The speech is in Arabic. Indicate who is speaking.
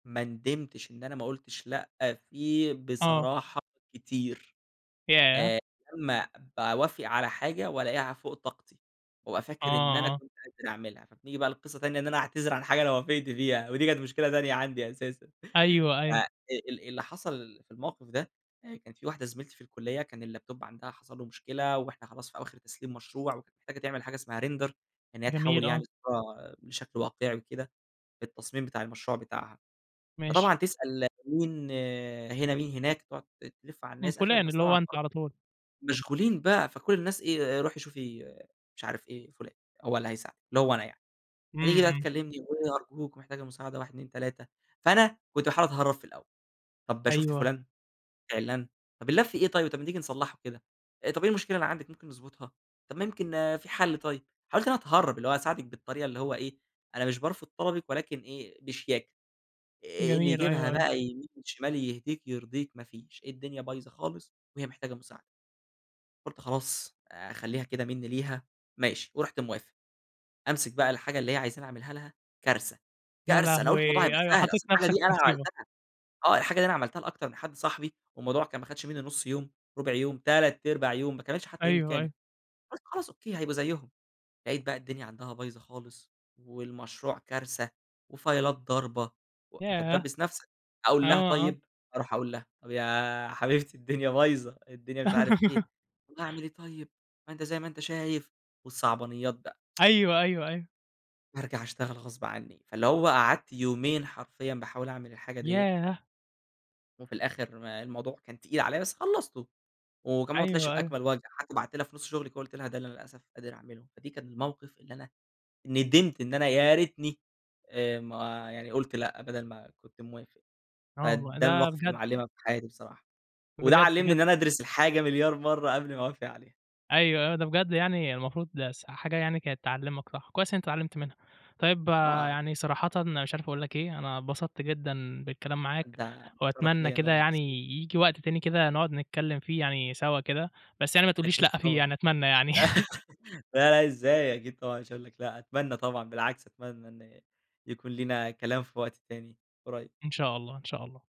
Speaker 1: ما ندمتش إن أنا ما قُلتش لأ فيه
Speaker 2: آه.
Speaker 1: بصراحة كتير،
Speaker 2: ياه!
Speaker 1: آآ، لمّا باوافق على حاجة وألاقيها فوق طاقتي، وأبقى فاكر إن أنا
Speaker 2: آه، آه.
Speaker 1: كنت قادر أعملها. فبنيجي بقى لقصة تانية، إن أنا أعتذر عن حاجة أنا وافقت فيها، ودي كانت مشكلة تانية عندي أساسًا.
Speaker 2: أيوه
Speaker 1: ف
Speaker 2: أيوه.
Speaker 1: ال اللي حصل في الموقف ده، كان في واحدة زميلتي في الكلية، كان الLaptop عندها حصل له مشكلة، وإحنا خلاص في آواخر تسليم مشروع ومحتاجة تعمل حاجة اسمها Render إن هي تحوّل
Speaker 2: جميل،
Speaker 1: يعني
Speaker 2: آه.
Speaker 1: الصورة بشكل واقعي وكده، في التصميم بتاع المشروع بتاعها.
Speaker 2: ماشي.
Speaker 1: فطبعًا تسأل مين هنا مين هناك، تقعد ت تلف على
Speaker 2: من
Speaker 1: الناس، أغلب
Speaker 2: فلان،
Speaker 1: الناس
Speaker 2: اللي
Speaker 1: طبعًا
Speaker 2: هو أنت
Speaker 1: [unintelligible]
Speaker 2: على طول.
Speaker 1: مشغولين بقى فكل الناس إيه، رُوحي شوفي مش عارف إيه، فلان، هو اللي هيساعدِك، اللي هو أنا يعني،
Speaker 2: إمم،
Speaker 1: هتيجي بقى
Speaker 2: إمم.
Speaker 1: تكلمني، وتقول لي أرجوك ومحتاجة مساعدة 1، 2، 3 فأنا كنت باحاول أتهرب في الأول، طَب شُفْتِ
Speaker 2: أيوه.
Speaker 1: فلان عِلّان، طب اللاب فيه إيه طيب؟ طيب ما تيجي نصلحه كده، آآ طَب إيه المشكلة اللي عندِك ممكن نضبطها، طَب ما يمكن في حل طيب. حاولت إن أنا أتهرّب، اللي هو أساعدِك بالطريقة اللي هو إيه، أنا مش بارفض طلبِك ولكن إيه، بشياكة، إني
Speaker 2: جميل،
Speaker 1: يجيبها
Speaker 2: أيوه، أيوه.
Speaker 1: بقى يمين شمال، يهديك يرضيك، ما فيش، الدنيا بايظة خالص، وهي محتاجة مساعدة. قُلت خلاص، اخليها كده منّي ليها، ماشي، ورُحت موافق، أمسك بقى الحاجة اللي هي عايزاني أعملها لها، كارثة،
Speaker 2: يا
Speaker 1: كارثة، أنا قُلت الموضوع
Speaker 2: لهوي!
Speaker 1: هيبقى
Speaker 2: أيوه
Speaker 1: سهل،
Speaker 2: حطيت
Speaker 1: أصل الحاجة
Speaker 2: نفسك في
Speaker 1: دي أنا
Speaker 2: مُصيبة.
Speaker 1: عملتها آه الحاجة دي أنا عملتها لأكتر من حد صاحبي، والموضوع كان ما خدش منّي 1/2 يوم، 1/4 يوم، 3/4 يوم، ما كملش حتى يوم
Speaker 2: أيوه،
Speaker 1: كامل.
Speaker 2: أيوه.
Speaker 1: قُلت خلاص Okay هيبقى زيهم، لقيت بقى الدنيا عندها بايظة خالص، والمشروع كارثة، وفايلات ضاربة و أنت
Speaker 2: ياه!
Speaker 1: بتدبس نفْسَك،
Speaker 2: آه،
Speaker 1: أقول لها
Speaker 2: آه.
Speaker 1: طيب، أروح أقول لها طيب يا حبيبتي الدنيا بايظة، الدنيا مش عارف إيه. طب اعمل إيه طيب! ما أنت زي ما أنت شايف. والصعبانيات بقى
Speaker 2: أيوه، أيوه، أيوه.
Speaker 1: بارجع أشتغل غصب عني. فاللي هو قعدت يومين حرفيًا باحاول أعمل الحاجة ديّة
Speaker 2: ياه!
Speaker 1: وفي الآخر الموضوع كان تقيل عليَّ، بس خلصته، وكمان ما طلعش
Speaker 2: أيوه، أيوه.
Speaker 1: بأكمل وجه، حتى بعتّ لها في نُص شغلي ك قُلت لها ده اللي أنا للأسف قادر أعمله. فدي كان الموقف اللي أنا ندمت إن أنا يا ريتني آآ ما يعني قُلت لأ، بدل ما كنت موافق.
Speaker 2: آه والله
Speaker 1: فده
Speaker 2: ده
Speaker 1: المواقف اللي
Speaker 2: بجد.
Speaker 1: معلمة في حياتي بصراحة، وده
Speaker 2: بجد،
Speaker 1: علمني إن
Speaker 2: بجد
Speaker 1: أنا أدرس الحاجة مليار مرة قبل ما أوافق عليها.
Speaker 2: أيوه، آه، ده بجد يعني المفروض ده س حاجة يعني كانت تعلِّمَك صح، كويس أنت اتعلمت منها. طيب
Speaker 1: آه
Speaker 2: يعني
Speaker 1: [unintelligible]
Speaker 2: صراحةً مش عارف أقول لَك إيه، أنا اتبسطت جدًا بالكلام معاك،
Speaker 1: ده شرَف
Speaker 2: وأتمنى
Speaker 1: ليَّ، أنا
Speaker 2: كده
Speaker 1: اللي
Speaker 2: يعني
Speaker 1: مبسوط.
Speaker 2: ييجي وقت تاني كده نقعد نتكلم فيه يعني سوا كده، بس يعني ما تقولّيش
Speaker 1: أكيد
Speaker 2: لأ فيه
Speaker 1: طبعًا
Speaker 2: يعني أتمنى يعني
Speaker 1: لا لأ إزاي، أكيد طبعًا مش هاقول لَك لأ، أتمنى طبعًا، بالعكس أتمنى إن يكون لينا كلام في وقت تاني قريب.
Speaker 2: إن شاء الله، إن شاء الله.